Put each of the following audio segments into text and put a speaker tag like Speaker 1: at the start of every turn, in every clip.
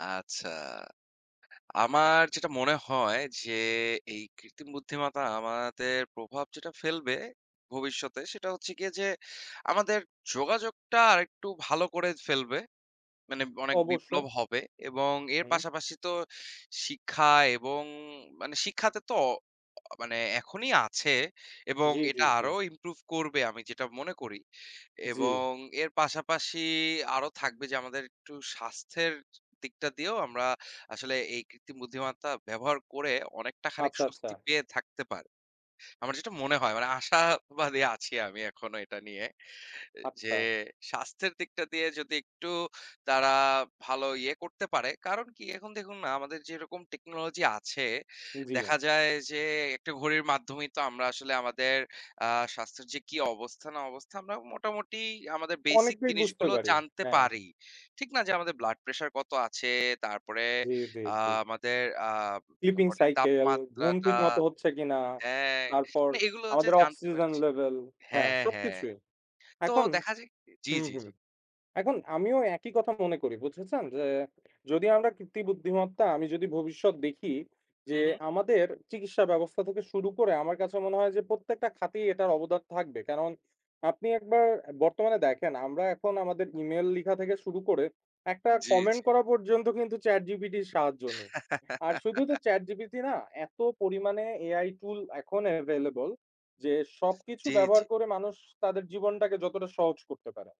Speaker 1: আচ্ছা। আমার যেটা মনে হয় যে, এই কৃত্রিম বুদ্ধিমতা আমাদের প্রভাব যেটা ফেলবে ভবিষ্যতে, সেটা হচ্ছে গিয়ে যে, আমাদের যোগাযোগটা আরেকটু ভালো করে ফেলবে। মানে অনেক
Speaker 2: অবশ্যই।
Speaker 1: বিপ্লব হবে এবং এর
Speaker 2: হুম।
Speaker 1: পাশাপাশি তো, শিক্ষা এবং মানে, শিক্ষাতে তো অ অ মানে এখনই আছে এবং
Speaker 2: জ্বী, জ্বী,
Speaker 1: এটা
Speaker 2: জ্বী।
Speaker 1: আরো ইমপ্রুভ করবে, আমি যেটা মনে করি।
Speaker 2: জ্বী।
Speaker 1: এবং এর পাশাপাশি আরো থাকবে যে, আমাদের একটু স্বাস্থ্যের দিকটা দিয়েও আমরা আসলে এই কৃত্রিম বুদ্ধিমত্ত্বা ব্যবহার করে অনেকটা খানিক,
Speaker 2: আচ্ছা,
Speaker 1: স্বস্তি
Speaker 2: আচ্ছা।
Speaker 1: পেয়ে থাকতে পারি। আমার যেটা মনে হয়, মানে আশাবাদী আছি আমি, এখনো এটা নিয়ে। এ যে,
Speaker 2: আচ্ছা।
Speaker 1: স্বাস্থ্যের দিকটা দিয়ে যদি একটু তারা ভালো ইয়ে করতে পারে, কারণ কি? এখন দেখুন না? আমাদের যেরকম টেকনোলজি আছে,
Speaker 2: জ্বী।
Speaker 1: দেখা যায় যে, একটা ঘড়ির মাধ্যমেই তো আমরা আসলে আমাদের আ স্বাস্থ্যের যে কি অবস্থা না অবস্থা, আমরা মোটামুটি আমাদের বেসিক
Speaker 2: অনেকটাই বুঝতে
Speaker 1: জিনিসগুলো
Speaker 2: পারি।
Speaker 1: জানতে
Speaker 2: হ্যাঁ।
Speaker 1: পারি। ঠিক না? যে, আমাদের ব্লাড প্রেশার কত আছে? তারপরে
Speaker 2: জ্বী, জ্বী,
Speaker 1: আ
Speaker 2: জ্বী।
Speaker 1: আমাদের আ
Speaker 2: স্লিপিং
Speaker 1: বডির
Speaker 2: সাইকেল, ঘুম
Speaker 1: তাপমাত্রাটা
Speaker 2: ঠিক মতো হচ্ছে কিনা?
Speaker 1: হ্যাঁ,
Speaker 2: তারপর,
Speaker 1: না এগুলো হচ্ছে
Speaker 2: আমাদের
Speaker 1: জানতে
Speaker 2: অক্সিজেন
Speaker 1: পারছি
Speaker 2: লেভেল, হ্যাঁ
Speaker 1: হ্যাঁ, হ্যাঁ।
Speaker 2: সবকিছুই।
Speaker 1: তো
Speaker 2: এখন
Speaker 1: দেখা যায় কি জ্বী,
Speaker 2: হুম,
Speaker 1: জ্বী,
Speaker 2: হুম।
Speaker 1: জ্বী।
Speaker 2: এখন আমিও একই কথা মনে করি, বুঝেছেন? যে, যদি আমরা কৃত্রিম বুদ্ধিমত্তা, আমি যদি ভবিষ্যৎ দেখি যে,
Speaker 1: হু, হু।
Speaker 2: আমাদের চিকিৎসা ব্যবস্থা থেকে শুরু করে, আমার কাছে মনে হয় যে, প্রত্যেকটা খাতেই এটার অবদান থাকবে। কারণ, আপনি একবার বর্তমানে দেখেন, আমরা এখন আমাদের ইমেইল লিখা থেকে শুরু করে, একটা
Speaker 1: জ্বী,
Speaker 2: কমেন্ট
Speaker 1: জ্বী।
Speaker 2: করা পর্যন্ত কিন্তু, ChatGPT 'র সাহায্য নিই। আর শুধু তো ChatGPT না, এত পরিমাণে AI টুল এখন এভেইলেবল যে, সবকিছু
Speaker 1: জ্বী,
Speaker 2: ব্যবহার
Speaker 1: জ্বী।
Speaker 2: করে মানুষ তাদের জীবনটাকে যতটা সহজ করতে পারে।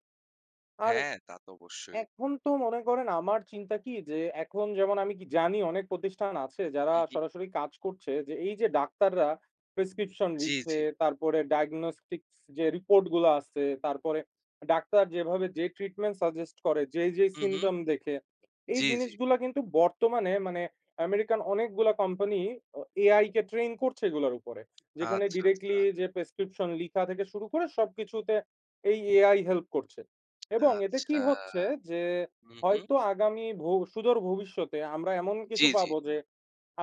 Speaker 2: আর,
Speaker 1: হ্যাঁ, তা তো অবশ্যই।
Speaker 2: এখন তো মনে করেন, আমার চিন্তা কি? যে, এখন যেমন আমি কি জানি অনেক প্রতিষ্ঠান আছে, যারা
Speaker 1: হু, হু।
Speaker 2: সরাসরি কাজ করছে যে, এই যে ডাক্তাররা প্রেসক্রিপশন
Speaker 1: জ্বী,
Speaker 2: লিখে,
Speaker 1: জ্বী।
Speaker 2: তারপরে ডায়াগনস্টিকস যে রিপোর্ট গুলো আসছে, তারপরে ডাক্তার যেভাবে যে ট্রিটমেন্ট সাজেস্ট করে, যেই, যেই
Speaker 1: হু, হু।
Speaker 2: সিম্পটম দেখে, এই
Speaker 1: জ্বী, জ্বী।
Speaker 2: জিনিসগুলা কিন্তু বর্তমানে, মানে আমেরিকান অনেকগুলা কোম্পানি অ AI কে ট্রেইন করছে এগুলোর উপরে। যেখানে
Speaker 1: আচ্ছা,
Speaker 2: ডিরেক্টলি
Speaker 1: আচ্ছা।
Speaker 2: যে প্রেসক্রিপশন লিখা থেকে শুরু করে, সবকিছুতে এই AI হেল্প করছে। এবং এতে কি
Speaker 1: আচ্ছা।
Speaker 2: হচ্ছে? যে,
Speaker 1: হু, হু।
Speaker 2: হয়তো আগামী ভো সুদূর ভবিষ্যতে আমরা এমন কিছু
Speaker 1: জ্বী, জ্বী।
Speaker 2: পাবো যে,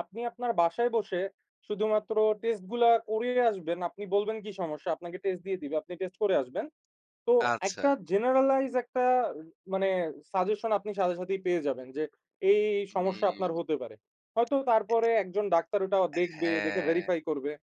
Speaker 2: আপনি আপনার বাসায় বসে, শুধুমাত্র টেস্ট গুলা করিয়ে আসবেন, আপনি বলবেন কি সমস্যা? আপনাকে টেস্ট দিয়ে দিবে। আপনি টেস্ট করে আসবেন। তো, একটা
Speaker 1: আচ্ছা।
Speaker 2: জেনারালাইজ একটা, মানে, সাজেশন আপনি সাথে, সাথেই পেয়ে যাবেন, যে এই, এই, এই, সমস্যা
Speaker 1: হুউম।
Speaker 2: আপনার হতে পারে। হয়তো, তারপরে একজন ডাক্তার ওটা দেখবে, দেখে
Speaker 1: হ্যাঁ।
Speaker 2: ভেরিফাই করবে।